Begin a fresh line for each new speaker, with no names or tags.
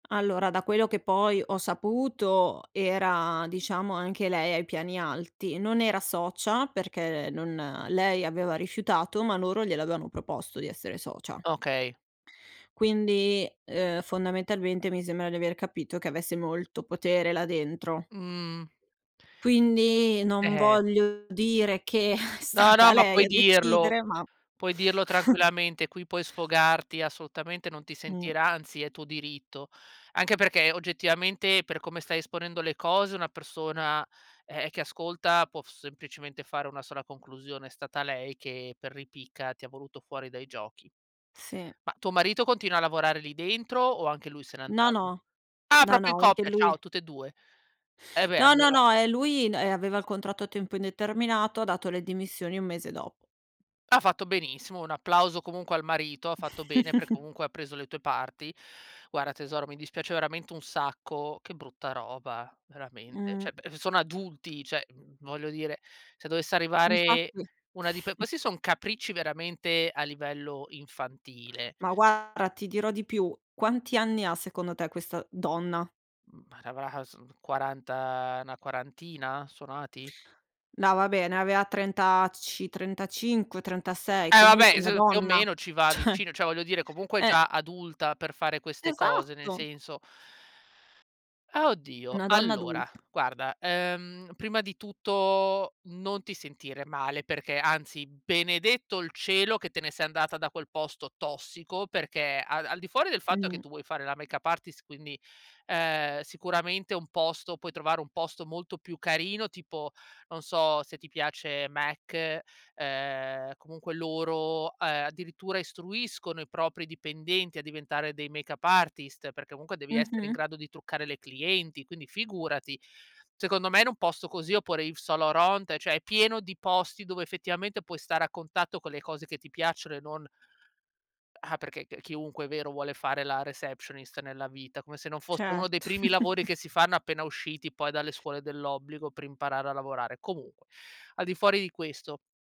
Allora, da quello che poi ho saputo, era diciamo anche lei ai piani alti. Non era socia, perché non lei aveva rifiutato, ma loro gliel'avevano proposto di essere socia.
Okay.
Quindi, uhm, fondamentalmente, mi sembra di aver capito che avesse molto potere là dentro.
Mhmm.
Quindi,
E
non
eh.
voglio dire che è
No, no,
stata
ma
lei
puoi
a
dirlo.
decidere, ma
Puoi dirlo tranquillamente, qui puoi sfogarti assolutamente, non ti
Mh.
sentirà anzi è tuo diritto. Anche perché, oggettivamente, per come stai esponendo le cose, una persona, ehm, che ascolta può s semplicemente fare una sola conclusione, è stata lei che, per ripicca, ti ha voluto fuori dai giochi.
Sì.
Ma, tuo marito continua a lavorare lì dentro o anche lui se n'è
No,
andato?
no.
Ah
No,
proprio in
no, anche
coppia, ciao,
lui
tutt e 2. E beh,
No, no,
allora
no. Eh, lui n ehm, aveva il contratto a tempo indeterminato, ha dato le dimissioni un mese dopo.
Ha fatto benissimo, un applauso comunque al marito, ha fatto bene perché comunque ha preso le tue parti. Guarda tesoro, mi dispiace veramente un sacco, che brutta roba, veramente.
Mh.
Cioè b sono adulti, cioè, v voglio dire, se dovesse arrivare
Infatti.
una dipe questi son capricci veramente a livello infantile.
Ma guarda, ti dirò di più, quanti anni ha, secondo te, questa donna?
Ma avrà son 40, na quarantina, suonati?
No, vabbè, ne aveva trentaci 35-36,
Eh vabbè,
comunque una
s più o
donna.
meno ci va
Cioè.
vicino, cioè, voglio dire comunque è
Eh!
già adulta per fare queste cose, nel
Esatto!
senso Ah, oddio.
Una donna adul
Allora, guarda, uhm, prima di tutto, non ti sentire male perché, anzi, benedetto il cielo che te ne sei andata da quel posto tossico perché al al di fuori del fatto che
Mh.
tu vuoi fare la makeup artist, quindi, ehm, sicuramente un posto puoi trovare, un posto molto più carino tipo, non so, se ti piace M·A·C, ehm, comunque loro, ehm, addirittura istruiscono i propri dipendenti a diventare dei makeup artist perché comunque devi essere in
Mh-mh.
grado di truccare le clienti, quindi figurati. Secondo me in un posto così oppure Yves Saint Laurent, cioè, è pieno di posti dove effettivamente puoi stare a contatto con le cose che ti piacciono e non Ah, perché c chiunque, è vero, vuole fare la receptionist nella vita, come se non fosse uno dei
Certo.
primi lavori che si fanno appena usciti poi dalle scuole dell'obbligo per imparare a lavorare. Comunque, al di fuori di questo